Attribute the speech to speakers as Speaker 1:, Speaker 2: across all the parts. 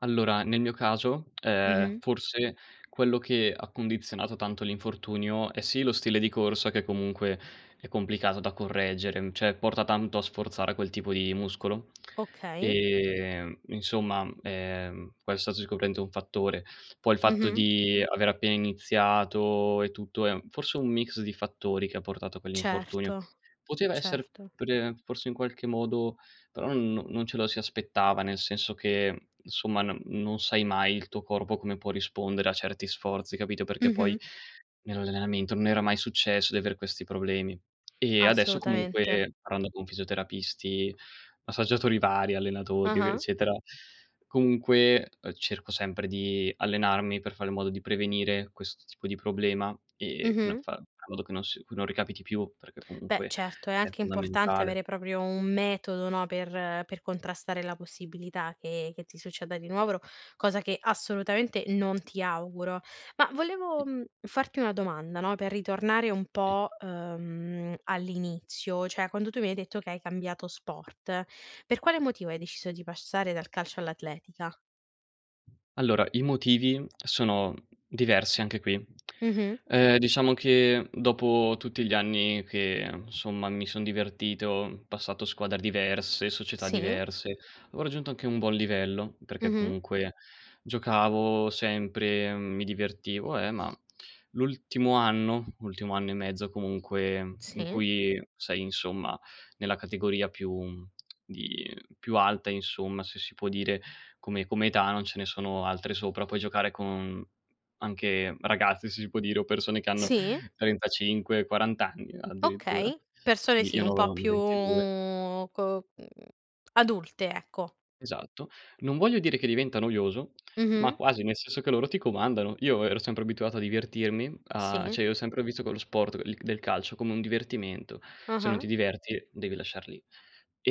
Speaker 1: Allora, nel mio caso, ehm,
Speaker 2: Mh-mh.
Speaker 1: forse quello che ha condizionato tanto l'infortunio è sì lo stile di corsa che comunque è complicato da correggere, mhmm, cioè porta tanto a sforzare quel tipo di muscolo.
Speaker 2: Okay.
Speaker 1: Ehm, insomma, ehm, questo è sicuramente un fattore. Poi il fatto
Speaker 2: Mh-mh.
Speaker 1: di aver appena iniziato e tutto è un forse un mix di fattori che ha portato a quell'infortunio.
Speaker 2: Certo,
Speaker 1: Poteva essere
Speaker 2: certo.
Speaker 1: pre forse in qualche modo, però non non ce lo si aspettava, nel senso che, mhmm, insomma, no non sai mai il tuo corpo come può rispondere a certi sforzi, capito, perché poi
Speaker 2: Mh-mh.
Speaker 1: nell'allenamento non era mai successo di aver questi problemi. E adesso
Speaker 2: Assolutamente.
Speaker 1: comunque, parlando con fisioterapisti, massaggiatori vari, allenatori, ev
Speaker 2: Ah-ah.
Speaker 1: eccetera, comunque cerco, ehm, sempre di allenarmi per fare in modo di prevenire questo tipo di problema, ehm, che non
Speaker 2: Mh-mh.
Speaker 1: fa a modo che non s che non ricapiti più, perché
Speaker 2: Beh,
Speaker 1: comunque
Speaker 2: certo, è
Speaker 1: è
Speaker 2: anche importante
Speaker 1: fondamentale.
Speaker 2: avere proprio un metodo, no, per per contrastare la possibilità che che ti succeda di nuovo, cosa che assolutamente non ti auguro. Ma
Speaker 1: Mh.
Speaker 2: volevo, mhmm, farti una domanda, no, per ritornare un
Speaker 1: Sì.
Speaker 2: po', ehm, all'inizio, cioè quando tu mi hai detto che hai cambiato sport, per quale motivo hai deciso di passare dal calcio all'atletica?
Speaker 1: Allora, i motivi sono diversi anche qui.
Speaker 2: Mh-mh.
Speaker 1: Ehm, diciamo che dopo tutti gli anni che, insomma, mi son divertito, passato squadre diverse, società
Speaker 2: Sì.
Speaker 1: diverse, avevo raggiunto anche un buon livello, perché
Speaker 2: Mh-mh.
Speaker 1: comunque giocavo sempre, mi divertivo, eh, ma l'ultimo anno, l'ultimo anno e mezzo comunque, in
Speaker 2: Sì.
Speaker 1: cui, sei, insomma, nella categoria più di più alta, insomma, se si può dire, come come età non ce ne sono altre sopra, puoi giocare con anche ragazzi, se si può dire, o persone che hanno
Speaker 2: Sì.
Speaker 1: 35, 40 anni addirittura.
Speaker 2: Okay, persone
Speaker 1: Quindi
Speaker 2: sì,
Speaker 1: io ne
Speaker 2: un po'
Speaker 1: avevo
Speaker 2: più
Speaker 1: 22.
Speaker 2: co mhmm, adulte, ecco.
Speaker 1: Esatto. Non voglio dire che diventa noioso, ma
Speaker 2: Mh-mh.
Speaker 1: quasi nel senso che loro ti comandano. Io ero sempre abituato a divertirmi, a
Speaker 2: Sì.
Speaker 1: cioè io ho sempre visto quello sport l del calcio come un divertimento. Se non
Speaker 2: Ah-ah.
Speaker 1: ti diverti devi lasciar lì.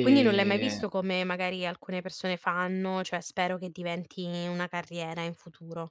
Speaker 2: Quindi non l'hai mai visto come magari alcune persone fanno, cioè spero che diventi una carriera in futuro.